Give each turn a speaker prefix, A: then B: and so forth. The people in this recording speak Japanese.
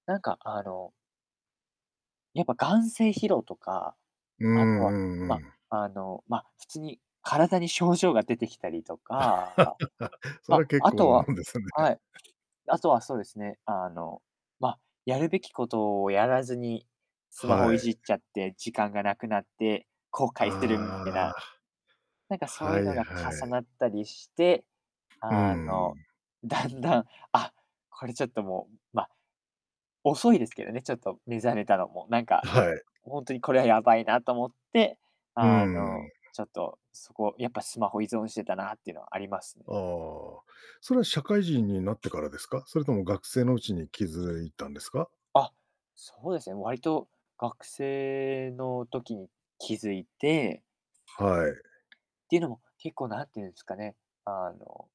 A: なんかあのやっぱ、眼精疲労とか、
B: うーん、
A: あとは、
B: うん
A: ま、
B: うん。
A: あの、ま、普通に体に症状が出てきたりとか、あ、
B: そ
A: ま、
B: れ、結
A: あ
B: 構
A: と
B: な
A: は
B: もんですね。
A: はい。あとは、そうですね、あの、ま、やるべきことをやらずに、スマホ
B: は
A: いじ
B: い。
A: っちゃって、時間がなくなって後悔する [unintelligible] たい
B: あ
A: な、
B: あ。
A: なんかそう
B: は
A: ゆ
B: いは
A: のが重
B: い。
A: なったりして、
B: う
A: あ
B: んう
A: の、
B: ん。
A: だんだん、あ、これちょっともうま、遅いですけどね、ちょっと目覚めたのも、なんか、
B: はい。
A: ほんとにこれはやばいなと思って、
B: うー
A: あ
B: ん、うん。
A: の、ちょっと、そこ、やっぱスマホ依存してたなっていうのあります。
B: ああ、それは社会人になってからですか？それとも学生のうちに気づいたんですか？
A: あ、そうです、も、わりと、学生の時に気づいて
B: はい。
A: ていうのも、結構、なんてゆうんすかね、あの